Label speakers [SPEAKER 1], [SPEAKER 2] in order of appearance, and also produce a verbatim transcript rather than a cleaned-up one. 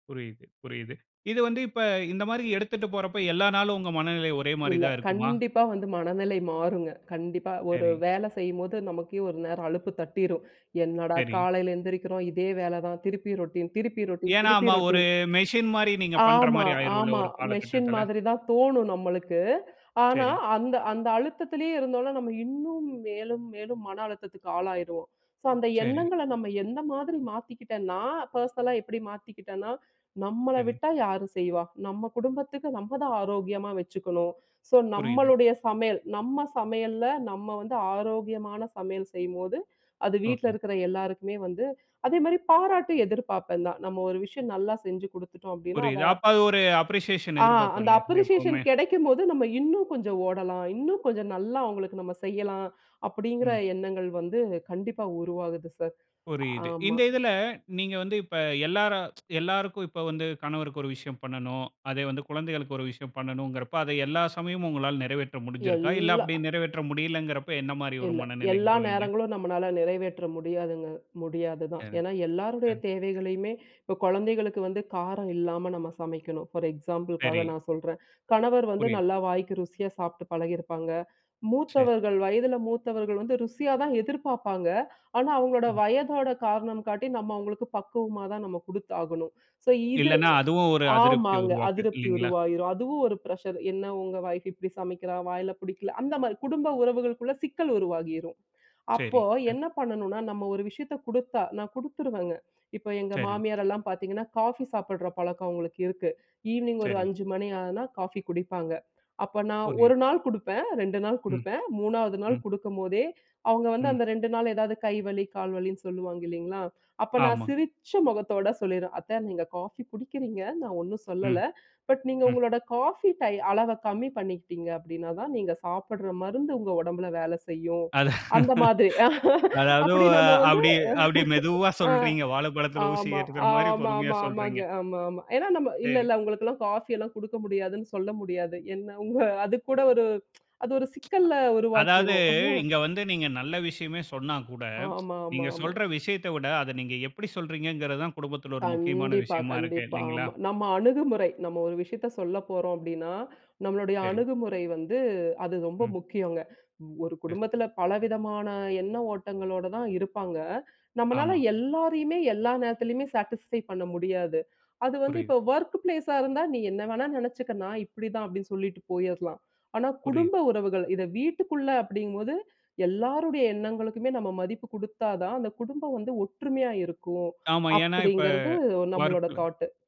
[SPEAKER 1] புரியுது புரியுது. இது வந்து இப்ப இந்த மாரி எடுத்துட்டு போறப்போ, எல்லா நாளும் உங்க மனநிலை ஒரே மாரி
[SPEAKER 2] இல்ல.
[SPEAKER 1] தான் இருக்குமா?
[SPEAKER 2] கண்டிப்பா வந்து மனநிலை மாறுங்க. கண்டிப்பா, ஒரு
[SPEAKER 1] சரி.
[SPEAKER 2] வேல செய்யும்போது நமக்கே ஒரு நேரம் அலுப்பு தட்டிரும். "என்னடா!
[SPEAKER 1] சரி.
[SPEAKER 2] காலைல எழுந்திரிக்கிறோம். இதே வேலை தான். திருப்பி ரொட்டீன் திருப்பி ரொட்டீன்
[SPEAKER 1] ஏன்னா,
[SPEAKER 2] திருப்பி
[SPEAKER 1] ம ஒரு
[SPEAKER 2] ரொட்டீன்"
[SPEAKER 1] மெசின் மாரி, நீங்க பண்ற
[SPEAKER 2] ஆமா,
[SPEAKER 1] மாரி ஆகிரும்ல,
[SPEAKER 2] ஆமா.
[SPEAKER 1] ஒரு
[SPEAKER 2] மெஷின்
[SPEAKER 1] காலகட்டத்தில.
[SPEAKER 2] மாதிரி தான் தோணும் நம்மளுக்கு. ஆனா,
[SPEAKER 1] சரி.
[SPEAKER 2] அந்த அந்த அழுத்தத்திலேயே இருந்தோம்னா, நம்ம இன்னும் மேலும் மேலும் மன அழுத்தத்துக்கு ஆளாகிருவோம். ஸோ, அந்த
[SPEAKER 1] சரி.
[SPEAKER 2] எண்ணங்கள, நம்ம எந்த மாதிரி மாத்திக்கிட்டேன்னா, பெர்சனலா எப்பிடி மாத்திக்கிட்டேன்னா, "நம்மள
[SPEAKER 1] சரி.
[SPEAKER 2] விட்டா யாரும் செய்வா? நம்ம குடும்பத்துக்கு? நம்ம தான் ஆரோக்கியமா வச்சுக்கணும்." ஸோ
[SPEAKER 1] புரியுது.
[SPEAKER 2] நம்மளுடைய சமையல் நம்ம சமையல நம்ம வந்து ஆரோக்கியமான சமையல் செய்யும்போது அது வீட்டில்
[SPEAKER 1] ஓகே.
[SPEAKER 2] இருக்கிற எல்லாருக்குமே வந்து அதே மாரி பாராட்டு எதிர்ப்பார்ப்பேன் தான். நம்ம ஒரு விஷயம் நல்லா செஞ்சு குடுத்துட்டோம். அப்படீன்னா அத
[SPEAKER 1] புரியுது. அப்ப அது ஒரு அப்ரிசியேஷன்
[SPEAKER 2] ஆ.
[SPEAKER 1] எதிர்பார்ப்போம்
[SPEAKER 2] அந்த
[SPEAKER 1] இல்லையா,
[SPEAKER 2] அப்ரிஷியேஷன்
[SPEAKER 1] எப்பவுமே.
[SPEAKER 2] கிடைக்கும்போது, நம்ம இன்னும் கொஞ்சம் ஓடலாம். இன்னும் கொஞ்சம் நல்லா அவங்களுக்கு நம்ம செய்யலாம். அப்படிங்கிற
[SPEAKER 1] ம்.
[SPEAKER 2] எண்ணங்கள் வந்து கண்டிப்பா உருவாகுது சார்.
[SPEAKER 1] புரியுது.
[SPEAKER 2] ஆமா.
[SPEAKER 1] இந்த இதில, நீங்க வந்து இப்ப எல்லாரும் எல்லாருக்கும், இப்ப வந்து கணவருக்கு ஒரு விஷயம் பண்ணனும். அதே வந்து குழந்தைகளுக்கு ஒரு விஷயம் பண்ணனும்ங்கிறப்ப, அதை எல்லா சமயமும் உங்களால நிறைவேற்ற முடிந்திருதா? இல்ல,
[SPEAKER 2] எல்லா
[SPEAKER 1] அப்படி நிறைவேற்ற முடியவில்லைங்கிறப்போ என்ன மாரி ஒரு
[SPEAKER 2] இல்ல.
[SPEAKER 1] மனநிலைக்கு
[SPEAKER 2] எல்லா
[SPEAKER 1] போவீங்க?
[SPEAKER 2] நேரங்களும் நம்மளால நிறைவேற்ற முடியாதுங்க. முடியாதுதான்.
[SPEAKER 1] சரி.
[SPEAKER 2] ஏன்னா, எல்லாருடைய
[SPEAKER 1] அ.
[SPEAKER 2] தேவைகளையுமே இப்போ குழந்தைகளுக்கு வந்து காரம் இல்லாம நம்ம சமைக்கணும். ஃபார் எக்ஸாம்பிள்காக
[SPEAKER 1] சரி.
[SPEAKER 2] நான் சொல்றேன். கணவர் வந்து
[SPEAKER 1] புரியுது.
[SPEAKER 2] நல்லா வாய்க்கு ருசியா சாப்புட்டு பழகியிருப்பாங்க.
[SPEAKER 1] சரி.
[SPEAKER 2] மூத்தவர்கள். வயதில மூத்தவர்கள் வந்து ருசியா தான் எதிர்பார்ப்பாங்க. ஆனா, அவங்களோட
[SPEAKER 1] ம்.
[SPEAKER 2] வயதோட காரணம் காட்டி, நம்ம அவங்களுக்கு பக்குவமா தான் நம்ம குடுத்தாகணும். ஸோ இது
[SPEAKER 1] இல்லைன்னா அதுவும் ஒரு அதிருப்திய
[SPEAKER 2] ஆமாங்க.
[SPEAKER 1] உருவாக்கும்,
[SPEAKER 2] அதிருப்தி
[SPEAKER 1] இல்லைங்களா?
[SPEAKER 2] உருவாயிரும் அதுவும் ஒரு பிரஷர் "என்ன உங்க ஒய்ஃப் இப்படி சமைக்கிறா? வாயில புடிக்கல." அந்த மாரி, குடும்ப உறவுகளுக்குள்ள சிக்கல் உருவாகிரும். அப்போ,
[SPEAKER 1] சரி. அ.
[SPEAKER 2] என்ன பண்ணனும்னா, நம்ம ஒரு விஷயத்தை குடுத்தா நான் குடுத்துருவேங்க. இப்போ எங்க
[SPEAKER 1] சரி.
[SPEAKER 2] மாமியார் எல்லாம் பார்த்தீங்கன்னா, காஃபி சாப்பிடுற பழக்கம் அவங்களுக்கு இருக்கு. ஈவ்னிங் ஒரு
[SPEAKER 1] சரி.
[SPEAKER 2] அஞ்சு மணி ஆனா காஃபி குடிப்பாங்க. அப்ப நான் ஒரு
[SPEAKER 1] புரியுது.
[SPEAKER 2] நாள் குடுப்பேன். ரெண்டு நாள்
[SPEAKER 1] ம்.
[SPEAKER 2] குடுப்பேன். மூணாவது நாள்
[SPEAKER 1] ம்.
[SPEAKER 2] குடுக்கும்போதே, அவங்க வந்து
[SPEAKER 1] ம்.
[SPEAKER 2] அந்த ரெண்டு நாளு ஏதாவது கை வலி கால் வலின்னு சொல்லுவாங்க. இல்லைங்களா. அப்ப நான்
[SPEAKER 1] ஆமா.
[SPEAKER 2] சிரிச்ச முகத்தோட சொல்லிருவேன், "அத்த நீங்க காஃபி குடிக்கிறீங்க. நான் ஒண்ணும்
[SPEAKER 1] ம்.
[SPEAKER 2] சொல்லல. பட் நீங்க
[SPEAKER 1] ம்.
[SPEAKER 2] உங்களோட காஃபி டை அளவ கம்மி பண்ணிக்கிட்டீங்க அப்படின்னாதான் நீங்க சாப்பிடுற மருந்து உங்க உடம்பில வேலை செய்யும்,"
[SPEAKER 1] அது.
[SPEAKER 2] அந்த மாதிரி.
[SPEAKER 1] அதாவது,
[SPEAKER 2] அப்படி
[SPEAKER 1] ஆ
[SPEAKER 2] நம்ம வந்து
[SPEAKER 1] அப்டியே அப்டி மெதுவா சொல்றீங்க.
[SPEAKER 2] ஆ
[SPEAKER 1] வாழைப்பழத்தில ஊசி
[SPEAKER 2] ஆமா,
[SPEAKER 1] ஏற்றுக்கிற மாரி பொறுமையா
[SPEAKER 2] ஆமாமா, ஆமாங்க
[SPEAKER 1] சொல்றீங்க.
[SPEAKER 2] ஆமா, ஆமா. ஏன்னா, நம்ம
[SPEAKER 1] சரி.
[SPEAKER 2] இல்லல்ல, உங்களுக்கெல்லாம் காஃபி எல்லாம் குடுக்க முடியாதுன்னு சொல்ல முடியாது. என்ன அவுங்க அதுக்கு கூட ஒரு அது ஒரு சிக்கல்ல
[SPEAKER 1] அதாவது,
[SPEAKER 2] உருவாக்கிரும்.
[SPEAKER 1] இங்க வந்து நீங்க நல்ல விஷயமே சொன்னா கூட,
[SPEAKER 2] ஆமா, ஆமா,
[SPEAKER 1] நீங்க
[SPEAKER 2] ஆமா.
[SPEAKER 1] சொல்ற விஷயத்த விட, அத நீங்க எப்பிடி சொல்றீங்கங்கிறது தான் குடும்பத்தில ஒரு முக்கியமான
[SPEAKER 2] கண்டிப்பா,
[SPEAKER 1] விஷயமா இருக்கு.
[SPEAKER 2] கண்டிப்பா
[SPEAKER 1] இல்லைங்களா?
[SPEAKER 2] ஆமா. நம்ம அணுகுமுறை. நம்ம ஒரு விஷயத்த சொல்லப் போறோம் அப்படின்னா, நம்மளுடைய
[SPEAKER 1] சரி.
[SPEAKER 2] அணுகுமுறை வந்து அது ரொம்ப
[SPEAKER 1] ம்.
[SPEAKER 2] முக்கியங்க. ஒரு
[SPEAKER 1] சரி.
[SPEAKER 2] குடும்பத்தில பல விதமான எண்ண ஓட்டங்களோட தான் இருப்பாங்க. நம்மளால
[SPEAKER 1] ஆமா.
[SPEAKER 2] எல்லாரையுமே, எல்லா நேரத்திலயுமே சாட்டிஸ்ஃபை பண்ண முடியாது. அது வந்து
[SPEAKER 1] புரியுது.
[SPEAKER 2] இப்போ வொர்க் பிளேஸ்ஆ இருந்தா, "நீ என்ன வேணாலும் நினைச்சுக்க. நான் இப்படி தான்" அப்படின்னு சொல்லிட்டு போயிடலாம். ஆனா,
[SPEAKER 1] புரியுது.
[SPEAKER 2] குடும்ப உறவுகள், இத வீட்டுக்குள்ள அப்படிங்கும் போது எல்லாருடைய எண்ணங்களுக்குமே நம்ம மதிப்பு குடுத்தா தான், அந்த குடும்பம் வந்து ஒற்றுமையா இருக்கும்.
[SPEAKER 1] ஆமா. ஏன்னா இப்ப
[SPEAKER 2] அப்படிங்கிறது நம்மளோட
[SPEAKER 1] வொர்க்ல
[SPEAKER 2] தாட்டு.